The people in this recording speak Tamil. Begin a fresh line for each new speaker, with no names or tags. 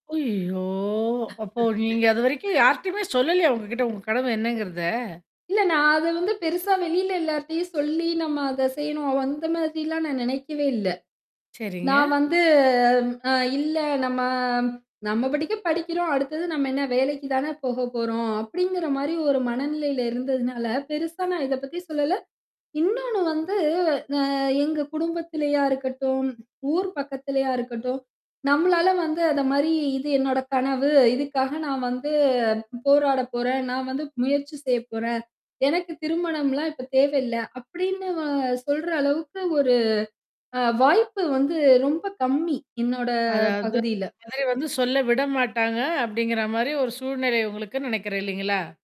ஐயயோ! அப்போ நீங்க அதுவரைக்கும் யார்ட்டயுமே சொல்லலையா? உங்ககிட்ட உங்க கனவு என்னங்கிறத?
இல்ல நான் அத வந்து பெருசா வெளியில எல்லார்ட்டயும் சொல்லி நம்ம அத செய்யணும். அந்த மாதிரிலாம் நான் நெனைக்கவே இல்ல.
சரிங்க.
நான் வந்து அ இல்ல நம்ம நம்ம படிக்கு படிக்கிறோம். அடுத்தது நம்ம என்ன வேலைக்கு தானே போக போறோம். அப்படிங்கிற மாரி ஒரு மனநிலையில இருந்ததுனால, பெருசா நான் இத பத்தி சொல்லல. இன்னொன்னு வந்து அ எங்க குடும்பத்திலயா இருக்கட்டும், ஊர் பக்கத்துலயா இருக்கட்டும். நம்மளால வந்து அத மாரி இது என்னோட கனவு. இதுக்காக நான் வந்து போராட போறேன். நான் வந்து முயற்சி செய்ய போறேன். எனக்கு திருமணம்லாம் இப்ப தேவையில்ல. அப்படின்னு வ சொல்ற அளவுக்கு ஒரு அ வாய்ப்பு வந்து ரொம்ப கம்மி, என்னோட
அதாவது.
பகுதியில.
இந்த மாதிரி வந்து சொல்ல விட மாட்டாங்க. அப்படிங்கிற மாரி ஒரு சூழ்நிலை உங்களுக்குன்னு நெனைக்கிறேன் இல்லைங்களா?